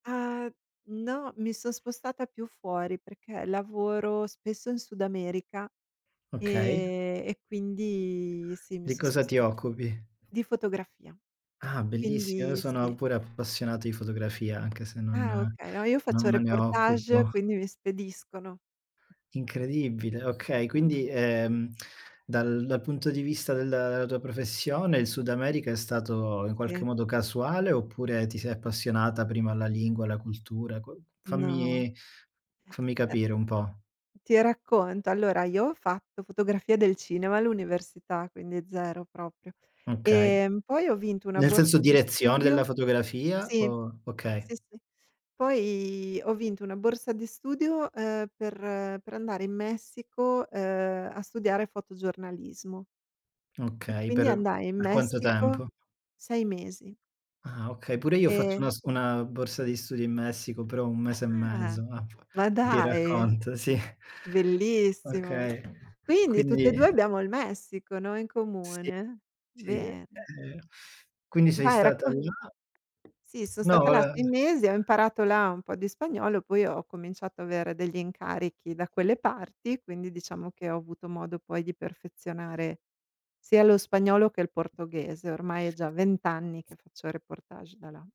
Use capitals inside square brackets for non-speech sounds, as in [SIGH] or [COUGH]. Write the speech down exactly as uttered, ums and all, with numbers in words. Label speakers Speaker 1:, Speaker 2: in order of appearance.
Speaker 1: A no, mi son spostata più fuori, perché lavoro spesso in Sud America,
Speaker 2: Okay.
Speaker 1: ehm, e quindi sì, mi
Speaker 2: Di
Speaker 1: sono
Speaker 2: cosa ti
Speaker 1: sposta
Speaker 2: occupi?
Speaker 1: Di fotografia,
Speaker 2: Ah, bellissimo. Io
Speaker 1: quindi
Speaker 2: sono
Speaker 1: sì.
Speaker 2: pure appassionato di fotografia, anche se non
Speaker 1: Ah okay, no, io
Speaker 2: non
Speaker 1: faccio
Speaker 2: me ne
Speaker 1: reportage,
Speaker 2: occupo.
Speaker 1: quindi mi spediscono.
Speaker 2: Incredibile, okay. Quindi,
Speaker 1: [UNINTELLIGIBLE]
Speaker 2: ehm, [CLICKS TONGUE] dal punto di vista della tua professione il Sud America è stato in qualche
Speaker 1: Sì.
Speaker 2: modo, casuale oppure ti sei appassionata prima alla lingua, alla cultura, qua
Speaker 1: No.
Speaker 2: fammi fammi
Speaker 1: E
Speaker 2: capire un po'.
Speaker 1: ti racconto. Allora io ho fatto fotografia del cinema all'università, quindi zero proprio.
Speaker 2: Okay.
Speaker 1: Ehm, poi ho vinto una
Speaker 2: Nel senso
Speaker 1: borsa di
Speaker 2: direzione
Speaker 1: studio
Speaker 2: della fotografia,
Speaker 1: sì,
Speaker 2: o Okay.
Speaker 1: sì, sì. Poi ho vinto una borsa di studio, ehm, per per andare in Messico, ehm, a studiare fotogiornalismo. E
Speaker 2: Okay,
Speaker 1: quindi
Speaker 2: per
Speaker 1: andai in
Speaker 2: per quanto
Speaker 1: Messico,
Speaker 2: tempo?
Speaker 1: sei mesi.
Speaker 2: Ah okay, pure io faccio una
Speaker 1: E
Speaker 2: s una borsa di studio in Messico, però un mese e
Speaker 1: Ah,
Speaker 2: mezzo ah p
Speaker 1: ma
Speaker 2: ti
Speaker 1: dai.
Speaker 2: racconto, sì.
Speaker 1: Bellissimo.
Speaker 2: Okay,
Speaker 1: Quindi tutte e
Speaker 2: quindi
Speaker 1: due abbiamo il Messico, no, in
Speaker 2: Sì.
Speaker 1: comune?
Speaker 2: Sì, e
Speaker 1: Bene.
Speaker 2: quindi sei
Speaker 1: Vai,
Speaker 2: stata
Speaker 1: racco
Speaker 2: là?
Speaker 1: Sì, sò
Speaker 2: No,
Speaker 1: stata là sei
Speaker 2: vole
Speaker 1: mesi, ho imparato là un po' di spagnolo, poi ho cominciato a avere degli incarichi da quelle parti, quindi diciamo che ho avuto modo poi di perfezionare sia lo spagnolo che il portoghese. Ormai è già vent anni che faccio reportage da là.